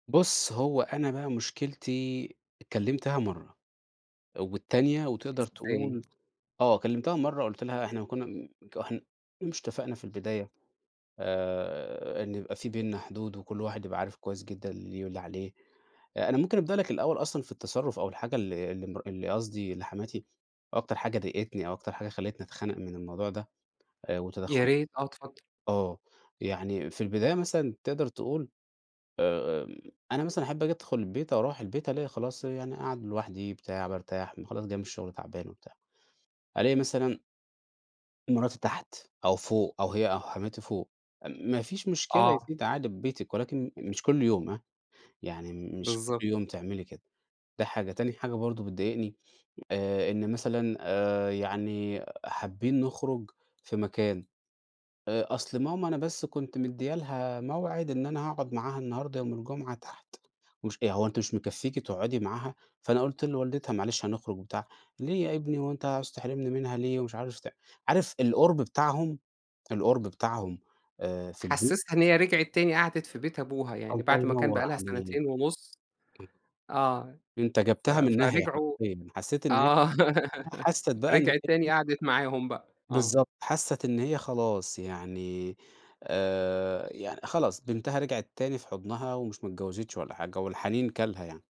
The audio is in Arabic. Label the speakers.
Speaker 1: بُص، هو أنا بقى مشكلتي كلمتها مرّة. والتانية وتقدر
Speaker 2: إزاي؟
Speaker 1: تقول آه كلمتها مرة قُلت لها إحنا كنا م ك إحنا مش اتفقنا في البداية آآ إن يبقى في بيننا حدود، وكل واحد يبقى عارف كويس جدًا اللي ليه واللي عليه. آآ أنا ممكن أبدأ لَك الأول أصلًا في التصرف أو الحاجة ال اللي مر اللي قصدي اللي حماتي أكتر حاجة ضايقتني أو أكتر حاجة خلّتني أتخنق من الموضوع ده. آآ وتدخل
Speaker 2: ياريت آه اتفضل.
Speaker 1: آه يعني في البداية مثلًا تقدر تقول آآ أنا مثلًا أحب آجي أدخل البيت آو أروح البيت ألاقي خلاص يعني أقعد لوحدي بتاع بارتاح خلاص جاي من الشغل تعبان وبتاع. ألاقي مثلًا مراتي تحت، أو فوق، أو هي أو حماتي فوق، ما فيش مشكلة يا
Speaker 2: آه.
Speaker 1: ستي أنتِ قاعدة في بيتك ولكن مش كل يوم هاه، يعني م مش كل
Speaker 2: بالضبط.
Speaker 1: يوم تعملي كده. ده حاجة، تاني حاجة برضه بتضايقني آآ إن مثلًا آآ يعني حابين نخرج في مكان، آآ أصل ماما أنا بس كنت مديَّة لها موعد إن أنا هاقعد معاها النهاردة يوم الجمعة تحت ومش آآ هو أنتِ مش مكفيكِ تقعدي معاها؟ فأنا قُلت لوالدتها معلش هنخرج وبتاع، ليه يا ابني هو أنتَ عاوز تحرمني منها ليه؟ ومش عارف ت عارف القرب بتاعهم القرب بتاعهم آآ في البيت
Speaker 2: حسسها إن هي رجعت تاني قعدت في بيت أبوها يعني
Speaker 1: الله
Speaker 2: بعد ما كان بقي
Speaker 1: ينوَّر
Speaker 2: لها
Speaker 1: عليك.
Speaker 2: سنتين ونص آه
Speaker 1: أنتَ
Speaker 2: ف
Speaker 1: جيبتها من الناهية
Speaker 2: فرجعوا
Speaker 1: حرقيًا، حسّيت إن هي
Speaker 2: آه
Speaker 1: [unintelligible] حسّت بقى إن
Speaker 2: رجعت تاني
Speaker 1: هي
Speaker 2: قعدت معاهم بقى. آه.
Speaker 1: بالضبط حسّت إن هي خلاص يعني آآ يعن خلاص بنتها رجعت تاني في حضنها، ومش ما اتجوزتش ولا حاجة والحنين كَلْها يعني.